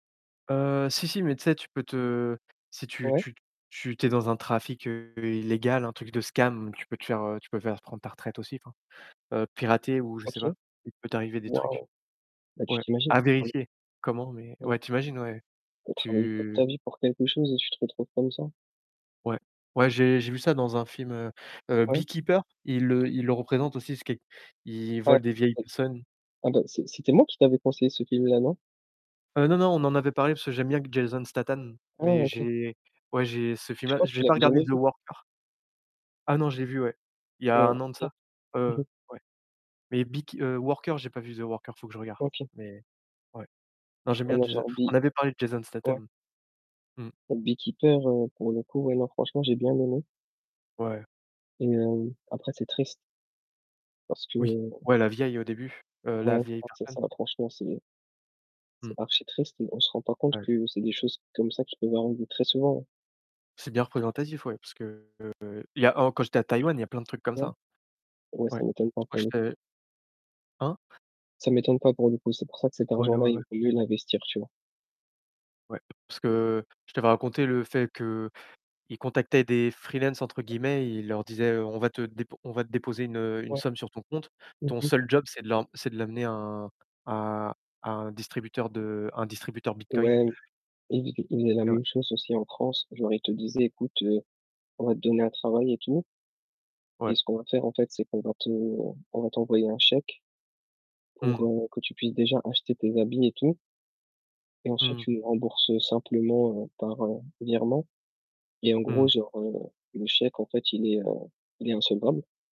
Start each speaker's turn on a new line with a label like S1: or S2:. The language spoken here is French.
S1: Heu, si, si, mais tu sais, tu peux te si tu
S2: Ouais.
S1: tu t tu tu es dans un trafic heu, illégal, un truc de scam, tu peux te faire, heu tu peux faire prendre ta retraite aussi, enfin, heu, pirater ou je sais pas.
S2: OK.
S1: Il peut t'arriver des trucs.
S2: Bah, tu
S1: Ouais,
S2: t'imagines,
S1: à
S2: tu as travaillé
S1: vérifier comment, mais
S2: ouais
S1: ouais, tu imagines, ouais.
S2: tu as travaillé toute ta
S1: Tu
S2: vie pour quelque chose et tu te retrouves comme ça?
S1: Ouais. Ouais, j'ai j'ai vu ça dans un film, heu, heu:
S2: Ouais.
S1: Beekeeper. Ils le ils le représentent aussi, [unintelligible] il
S2: Ouais,
S1: vole des vieilles
S2: oui.
S1: personnes.
S2: Ah bah, c c'était moi qui t'avais conseillé ce film-là, non?
S1: Heu, non, non, on en avait parlé parce que j'aime bien q Jason Statham,
S2: Ah!
S1: mais
S2: OK.
S1: j'ai ouais, j'ai ce
S2: Je
S1: film-là.
S2: crois que tu
S1: J'ai pas
S2: l'avais
S1: regardé
S2: jamais
S1: The
S2: vu.
S1: Worker. Ah, non, je l'ai vu, ouais. Il y a
S2: Ouais,
S1: 1 an de
S2: OK,
S1: ça. Heu,
S2: mmh mh.
S1: ouais. Mais Beek heu, Worker, j'ai pas vu The Worker, il faut que je regarde.
S2: OK.
S1: Mais, ouais. Non, j'aime bien
S2: Alors
S1: Jason
S2: genre Bee
S1: on avait parlé de Jason
S2: Ouais.
S1: Statham. Mmh.
S2: Heu, Beekeeper, heu, pour le coup, ouais non, franchement j'ai bien aimé.
S1: Ouais.
S2: Et hem, après c'est triste. Parce que
S1: Oui, ouais, la vieille au début heu, la
S2: Ouais,
S1: vieille personne.
S2: [unintelligible] franchement c'est [unintelligible] c'est
S1: Mmh.
S2: archi-triste, mais on se rend pas compte
S1: Ouais.
S2: que c'est des choses comme ça qui peuvent arriver très souvent, hein?
S1: C'est bien représentatif, ouais. Parce que, il y a en quand j'étais à Taïwan, il y a plein de trucs comme
S2: Ouais.
S1: ça.
S2: Ouais
S1: Ouais.
S2: ça m'étonne pas,
S1: Ouais
S2: pour
S1: je
S2: le coup.
S1: te Hein?
S2: Ça m'étonne pas, pour le coup, c'est pour ça que cet
S1: Ouais, ouais,
S2: argent-là, il
S1: ouais.
S2: vaut mieux l'investir. Tu vois?
S1: Ouais, parce que je t'avais raconté le fait qu'ils contactaient des «free-lances», entre guillemets, ils leur disaient, heu: «On va te dép on va te déposer une, heu, une
S2: Ouais.
S1: somme sur ton compte. Ton
S2: OK.
S1: seul job, c'est de l'em c'est de l'amener à un à à un distributeur de à un distributeur Bitcoin».
S2: Ouais, ils fai ils faisaient la
S1: Eh ouais.
S2: même chose aussi en France, genre ils te disaient: «Écoute, heu, on va te donner un travail et tout» «et
S1: Ouais.
S2: ce qu'on va faire, en fait, c'est qu'on va te on on va t'envoyer un chèque
S1: Mmh
S2: pour,
S1: mh.
S2: heu, que tu puisses déjà acheter tes habits et tout» «et
S1: Mmh
S2: ensuite
S1: mh.
S2: tu les rembourses, heu, simplement heu, par heu, virement.» et en
S1: Mmh
S2: gros,
S1: mh.
S2: genre, heu, le chèque, en fait, il est heu, il est insolvable.